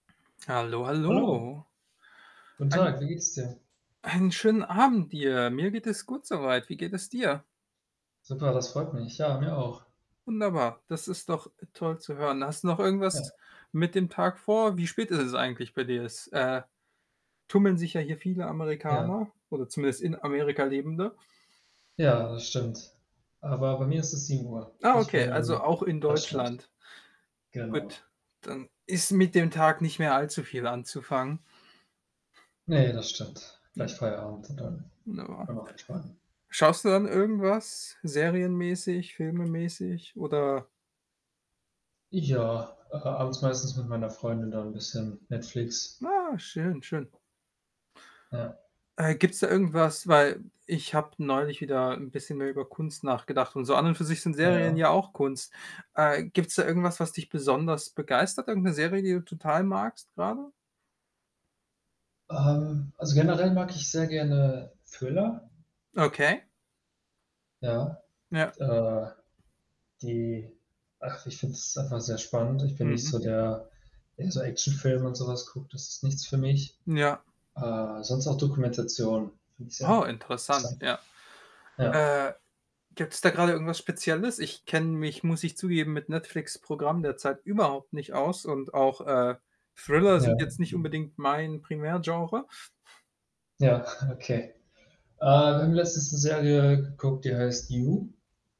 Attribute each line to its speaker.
Speaker 1: Hallo,
Speaker 2: Hallo.
Speaker 1: hallo.
Speaker 2: Guten
Speaker 1: Einen
Speaker 2: Tag. Wie geht's dir?
Speaker 1: Einen schönen Abend dir. Mir geht es gut so weit. Wie geht es dir?
Speaker 2: Super, das freut mich. Ja, mir auch.
Speaker 1: Wunderbar. Das ist doch toll zu hören. Hast du noch
Speaker 2: Ja.
Speaker 1: irgendwas mit dem Tag vor? Wie spät ist es eigentlich bei dir? Es, äh, tummeln sich ja hier viele
Speaker 2: Ja.
Speaker 1: Amerikaner oder zumindest in Amerika Lebende?
Speaker 2: Ja, das stimmt. Aber bei mir ist es 7:00.
Speaker 1: Ah,
Speaker 2: Ich
Speaker 1: okay.
Speaker 2: wohne
Speaker 1: Also,
Speaker 2: im
Speaker 1: auch in
Speaker 2: Deutschland.
Speaker 1: Deutschland.
Speaker 2: Genau.
Speaker 1: Gut. Dann ist mit dem Tag nicht mehr allzu viel anzufangen.
Speaker 2: Ne, das stimmt.
Speaker 1: Ja.
Speaker 2: Gleich Feierabend und dann wollen
Speaker 1: Wunderbar.
Speaker 2: wir noch entspannen.
Speaker 1: Schaust du dann irgendwas serienmäßig, filmemäßig oder
Speaker 2: Ja, äh, abends meistens mit meiner Freundin dann bisschen Netflix.
Speaker 1: Na, schön, schön.
Speaker 2: Ja.
Speaker 1: Äh, gibt's da irgendwas weil ich habe neulich wieder 'n bisschen mehr über Kunst nachgedacht und so an und für sich sind Serien
Speaker 2: Ja.
Speaker 1: ja auch Kunst. Äh, gibt's da irgendwas, was dich besonders begeistert? Irgend 'ne Serie, die du total magst grade?
Speaker 2: Ähm, also, generell mag ich sehr gerne Thriller.
Speaker 1: Okay.
Speaker 2: Ja.
Speaker 1: Ja.
Speaker 2: Äh, die ach, ich finde das einfach sehr spannend. Ich bin nicht
Speaker 1: Mhm.
Speaker 2: so
Speaker 1: Mhm.
Speaker 2: der der so Actionfilme und so was guckt, das ist nichts für mich.
Speaker 1: Ja.
Speaker 2: Äh, sonst auch Dokumentationen, finde ich
Speaker 1: Oh,
Speaker 2: sehr
Speaker 1: interessant,
Speaker 2: interessant.
Speaker 1: ja.
Speaker 2: Ja.
Speaker 1: Äh, gibt's da grade irgendwas Spezielles? Ich kenne mich, muss ich zugeben, mit Netflix' Programm derzeit überhaupt nicht aus und auch, äh, Thriller
Speaker 2: Ja.
Speaker 1: sind jetzt nicht unbedingt mein Primärgenre.
Speaker 2: Ja, okay. Äh, wir haben letztes' ne Serie geguckt, die heißt „You“.